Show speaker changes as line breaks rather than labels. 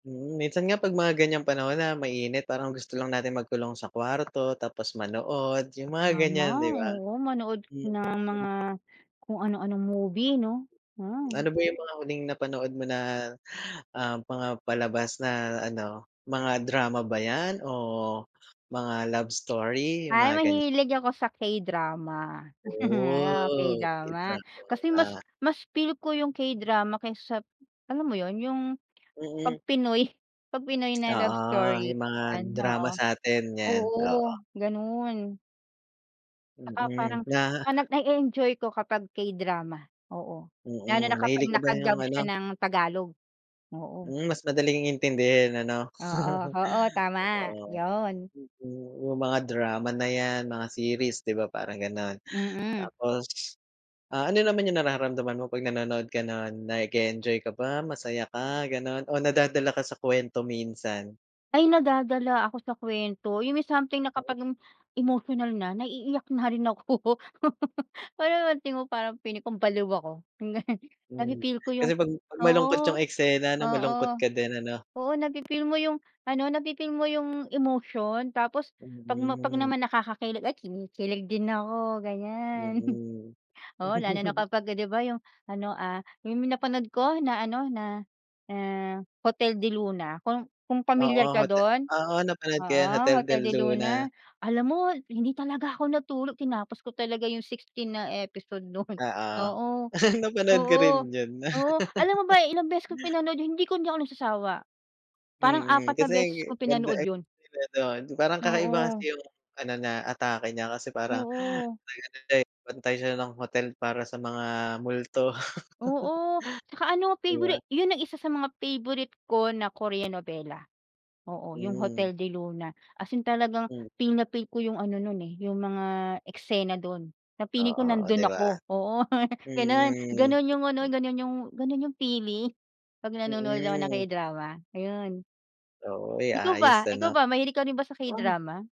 Mm, minsan nga 'pag mga ganyang panahon na mainit parang gusto lang natin magkulong sa kwarto, tapos manood yung mga
Tama,
ganyan, di ba?
oo manood
Hmm,
na ng
hmm.
mga kung ano-anong movie 'no. Mm.
Ano ba yung mga huling napanood mo na, ah, mga palabas na ano, mga drama ba yan o mga love story? Yung
Ay
mga ganyan.
mahilig ako sa K-Drama. Oo,
Oh.
K-Drama, kasi mas
[unintelligible]
mas feel ko yung K-Drama kaysa sa alam mo yun, yung 'pag
Mm.
Pinoy pag Pinoy na love
Oo,
story.
yung mga
Yan
drama
oo.
sa'tin yan, oo.
Oo ganun. Tsaka
Mm,
parang
na.
tsaka na-e-enjoy ko kapag K-Drama. Oo, lalo na
Mm,
kapag
mahilig ka ba yung
naka-dub siya
ano?
ng Tagalog, oo.
Hmm, mas madaling intindihin ano?
Oo oo tama,
Totoo,
yon.
mhm. Yung mga drama na yan, mga series 'di ba, parang ganon,
Mm.
tapos, ah, ano naman yung nararamdaman mo 'pag nanonood ka nun, nag-e-enjoy ka ba, masaya ka, ganon o nadadala ka sa kwento minsan?
Ay nadadala ako sa kwento yung may something na kapag im emotional na, naiiyak na rin ako. Parang alam mo parang feeling ko baliw ako. Yung ganun.
Hmm,
Na-fi-feel ko yung
kasi pag pag malungkot
oo
yung eksena ano,
oo
malungkot ka din ano?
oo na-fi-feel mo yung ano, na-fif eel mo yung emotion tapos 'pag ma 'pag
Mm.
naman nakakakilig, ay kinikilig din ako ganyan.
Mm.
Oo lalo na kapagka, 'di ba yung ano, ah, yung napanood ko na ano, na ah Hotel del Luna kung kung
Oo
pamilyar ka
hote
dun,
oo napanood ko
oo,
yan Hotel de
Hotel del
Luna.
Luna, alam mo hindi talaga ako natulog tinapos ko talaga yung 16 na episode non,
Oo.
oo.
napanood ko
Oo,
rin yun.
oo, alam mo ba ilang beses ko pinanood yun hindi ko hindi ako nagsasawa. Parang
Mm,
apat 4 na
kasi g
beses kong
ganda
pinanood yun.
eksena dun. Yung parang kakaiba kasi
Oo.
yung ano niya, atake niya kasi parang
Oo.
nag-ano din, bantay siya ng hotel para sa mga multo.
Oo tsaka ano
'Di ba?
peyborit yun ang isa sa mga peyborit ko na Koreanovela. Oo yung
Hmm.
Hotel del Luna as in talagang
Mm.
feel na feel ko yung ano nun eh, yung mga eksena dun na feeling ko
Oo, o
nandun
'di ba?
ako. Oo. Ganun
Mm.
ganun yung ano ganun yung ganun yung feeling 'pag nanonood ako ng
Mm.
K-Drama ayun.
Oo. Uy
Ikaw ba
ayos
ikaw
ano.
ba mahilig ka rin ba sa
Oh.
K-Drama?